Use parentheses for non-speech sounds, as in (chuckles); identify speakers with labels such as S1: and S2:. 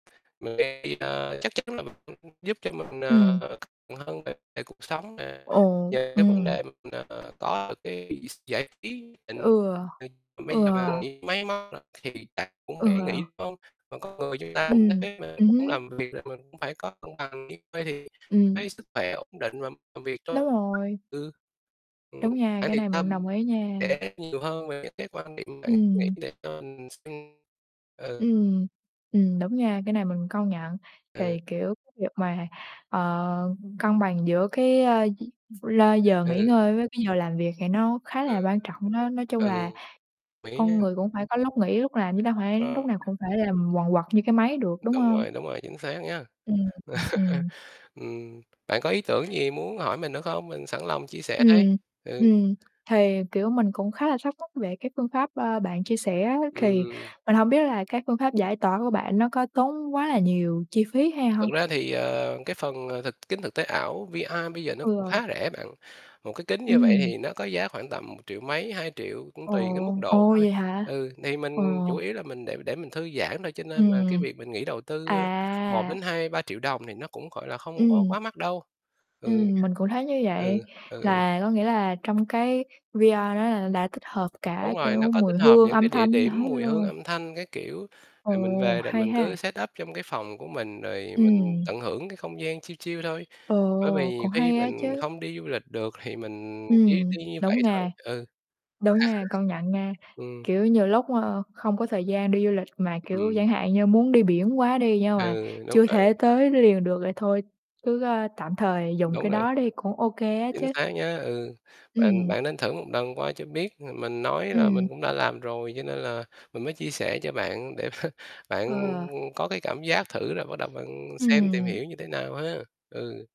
S1: (unintelligible) Chắc chắn là mình (unintelligible) giúp cho mình,
S2: Ừm.
S1: ờ, (unintelligible) hơn về về cuộc sống nè.
S2: Ồ,
S1: Nhờ cái vấn
S2: ừm.
S1: đề mình, ờ, có được cái (unintelligible) giải trí định.
S2: Ừ.
S1: Ờ,
S2: Ừ.
S1: bây giờ bạn bị máy móc rồi thì bạn cũng phải
S2: Ừ.
S1: nghĩ có còn con người chúng ta cũng nhất
S2: Ừm,
S1: quyết (unintelligible)
S2: ừm
S1: cũng
S2: hưm.
S1: làm việc là mình cũng phải có công bằng chứ. Vậy thì
S2: Ừm.
S1: cái sức khỏe ổn định và làm việc (unintelligible)
S2: Đúng rồi.
S1: ừ, ừm,
S2: Đúng nha, cái này mình đồng
S1: (unintelligible)
S2: ý nha.
S1: sẽ khác nhiều hơn về cái cái quan điểm vậy
S2: Ừm.
S1: (unintelligible) ừ.
S2: Ừm, ừm, đúng nha, cái này mình công nhận.
S1: Ừ.
S2: Thì, kiểu, cái việc mà, ờ, cân bằng giữa cái, ơ, lơ giờ nghỉ
S1: Ừ.
S2: ngơi với cái giờ làm việc thì nó khá là
S1: Ừ.
S2: quan trọng đó, nói chung là
S1: Ừ, mình nghĩ
S2: con
S1: nha
S2: người cũng phải có lúc nghỉ lúc làm chứ đâu phải lúc
S1: Ờ.
S2: nào cũng phải làm quần quật như cái máy được, đúng
S1: Đúng
S2: hông?
S1: rồi, đúng rồi, chính xác nha.
S2: Ừm, ừm,
S1: (laughs)
S2: ừm.
S1: Ừm. Bạn có ý tưởng gì muốn hỏi mình nữa không? Mình sẵn lòng chia sẻ đây.
S2: Ừm,
S1: Ừ.
S2: ừm, thì, kiểu, mình cũng khá là thắc mắc về cái phương pháp, ơ, bạn chia sẻ á, thì
S1: Ừm.
S2: mình hông biết là cái phương pháp giải tỏa của bạn nó có tốn quá là nhiều chi phí hay
S1: Thực
S2: hông?
S1: ra thì, ờ, cái phần, ờ, thực kính thực tế ảo VR bây giờ nó cũng
S2: Ừ.
S1: khá rẻ bạn. Một cái kính như vậy
S2: Ừm.
S1: thì nó có giá khoảng tầm một triệu mấy, 2.000.000 cũng
S2: Ồ,
S1: tùy cái mức độ
S2: ồ,
S1: thôi.
S2: vậy hả?
S1: Ừ, thì
S2: Ồ.
S1: mình chủ yếu là mình để để mình thư giãn thôi cho nên mà cái
S2: Ừm.
S1: việc mình nghĩ đầu tư, ơ, 1 đến
S2: À.
S1: 2- 3.000.000 đồng thì nó cũng, gọi là, không có
S2: Ừm.
S1: quá mắc đâu. Ừ.
S2: Ừm, mình cũng thấy như vậy,
S1: Ừ, ừ, ừ.
S2: là có nghĩa là trong cái VR đó là đã tích hợp cả,
S1: Đúng rồi, nó
S2: kiểu,
S1: có
S2: mùi
S1: tích hợp
S2: hương,
S1: những
S2: âm
S1: cái địa
S2: thanh
S1: điểm,
S2: hết
S1: mùi hương,
S2: luôn.
S1: âm thanh các kiểu, rồi mình
S2: Ồ,
S1: về rồi
S2: hay
S1: mình
S2: ha.
S1: cứ setup trong cái phòng của mình, rồi mình
S2: Ừm.
S1: tận hưởng cái không gian chill chill thôi. Bởi vì
S2: Ồ,
S1: nhiều
S2: cũng
S1: khi
S2: hay á
S1: mình
S2: chứ.
S1: không đi du lịch được thì mình chỉ
S2: Ừm,
S1: đi như
S2: đúng
S1: vậy thôi,
S2: nha.
S1: ừ.
S2: Đúng nha, công nhận nha,
S1: (laughs) Ừm.
S2: kiểu, nhiều lúc, ờ, không có thời gian đi du lịch mà, kiểu,
S1: Ừm.
S2: chẳng hạn như, muốn đi biển quá đi nhưng mà
S1: Ừ, đúng
S2: chưa thể
S1: rồi.
S2: tới liền được vậy thôi cứ, a, tạm thời dùng
S1: Đúng
S2: cái
S1: rồi.
S2: đó đi, cũng ô kê á
S1: Chính
S2: chứ.
S1: xác nhá, ừ, bạn
S2: Ừm.
S1: bạn nên thử một lần qua cho biết. Ờ, mình nói là
S2: Ừm.
S1: mình cũng đã làm rồi cho nên là mình mới chia sẻ cho bạn để (chuckles) bạn
S2: Ừ.
S1: có cái cảm giác thử rồi bắt đầu bạn xem tìm
S2: Ừm.
S1: hiểu như thế nào ha, ừ.